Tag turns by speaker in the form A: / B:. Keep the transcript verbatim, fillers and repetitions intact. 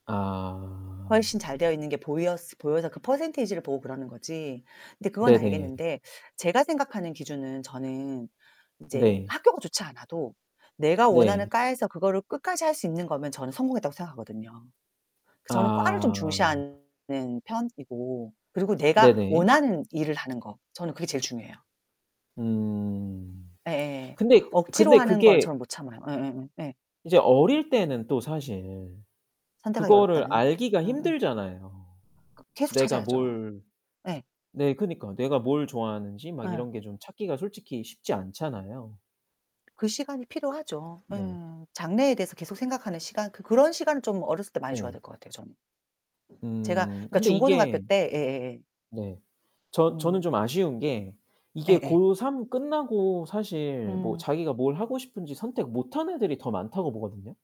A: 아.
B: 훨씬 잘 되어 있는 게 보였으 보여서 그 퍼센티지를 보고 그러는 거지. 근데 그건
A: 네네.
B: 알겠는데 제가 생각하는 기준은 저는 이제
A: 네.
B: 학교가 좋지 않아도 내가 원하는
A: 네.
B: 과에서 그거를 끝까지 할 수 있는 거면 저는 성공했다고 생각하거든요. 그 저는 과를 좀
A: 아.
B: 중시하는 편이고 그리고 내가
A: 네네.
B: 원하는 일을 하는 거. 저는 그게 제일 중요해요.
A: 음.
B: 예예예.
A: 근데
B: 억지로
A: 근데
B: 하는 건
A: 그게
B: 저는 못 참아요. 예예예 예.
A: 이제 어릴 때는 또 사실
B: 선택하기
A: 그거를
B: 어렵다는.
A: 알기가
B: 응응.
A: 힘들잖아요.
B: 그 계속
A: 내가
B: 찾아야죠.
A: 뭘
B: 예.
A: 네 그니까 내가 뭘 좋아하는지 막
B: 어.
A: 이런 게 좀 찾기가 솔직히 쉽지 않잖아요.
B: 그 시간이 필요하죠
A: 네.
B: 음. 장래에 대해서 계속 생각하는 시간. 그 그런 시간을 좀 어렸을 때 많이 줘야
A: 네.
B: 될 것 같아요, 저는. 제가
A: 음
B: 그러니까
A: 근데
B: 중고등학교
A: 이게
B: 때 예예예.
A: 네 저 저는
B: 음.
A: 좀 아쉬운 게 이게
B: 예예.
A: 고 삼 끝나고 사실 뭐
B: 음.
A: 자기가 뭘 하고 싶은지 선택 못 한 애들이 더 많다고 보거든요.